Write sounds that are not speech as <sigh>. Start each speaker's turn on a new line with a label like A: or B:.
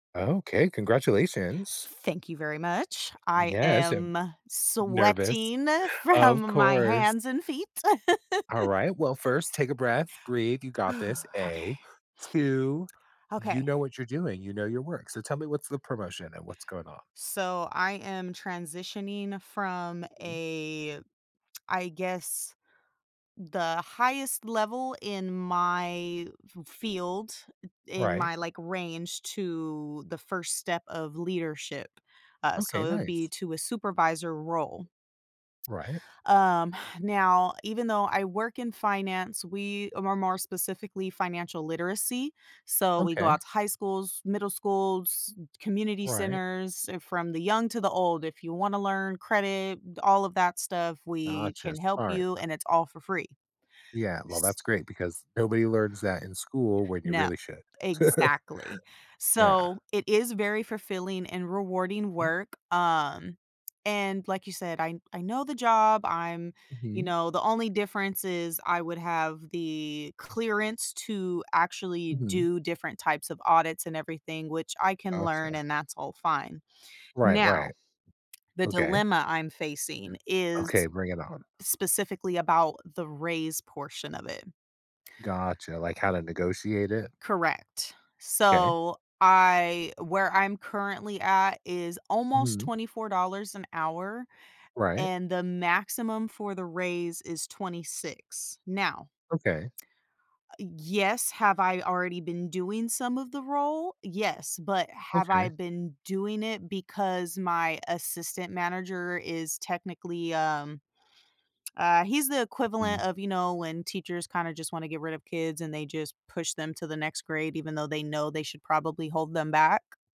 A: Okay, congratulations.
B: Thank you very much, I
A: Yes, and
B: am
A: nervous,
B: sweating
A: of
B: from my
A: course.
B: hands and feet. <laughs>
A: Alright, well, 1st take a breath, breathe, you got this,
B: <exhales> Okay.
A: A. 2, you
B: Okay.
A: know what you're doing, you know your work, so tell me what's the promotion and what's going on.
B: So I am transitioning from
A: Mhm.
B: a <tsk> I guess, the highest level in my f field, in
A: Right.
B: my, like, range to the 1st step of leadership, uh, so
A: Okay.
B: it would be
A: Nice.
B: to a supervisor role.
A: Right.
B: Um, now, even though I work in finance, we are more specifically financial literacy, so we go
A: Okay.
B: out to high schools, middle schools, community
A: Right.
B: centers- from the young to the old, if you wanna learn credit, all of that stuff, we
A: Gotcha,
B: can help
A: smart.
B: you and it's all for free.
A: Yeah, well,
B: S
A: that's great because nobody learns that in school when you
B: No.
A: really should. <chuckles>
B: Exactly,
A: Yeah.
B: so, it is very fulfilling and rewarding
A: Mm.
B: work, um, and like you said, I I know the job I'm you
A: Mhm.
B: know, the only difference is I would have the clearance to actually
A: Mhm.
B: do different types of audits and everything, which I can
A: Gotcha.
B: learn and that's all fine.
A: Right, right.
B: Now, the
A: Okay.
B: dilemma I'm facing
A: Okay,
B: is
A: bring it on.
B: specifically about the raise portion of it.
A: Gotcha. Like how to negotiate it?
B: Correct.
A: M'kay.
B: So I where I'm currently at is almost
A: Mhm.
B: $24 an hour,
A: Right.
B: and the maximum for the raise is 26, now
A: Okay.
B: Ah yes, have I already been doing some of the role? Yes, but have I
A: Okay.
B: been doing it because my assistant manager is technically, um, ah, he's the equivalent
A: Mm.
B: of, you know, when teachers kinda just wanna get rid of kids and they just push them to the next grade, even though they know they should probably hold them back.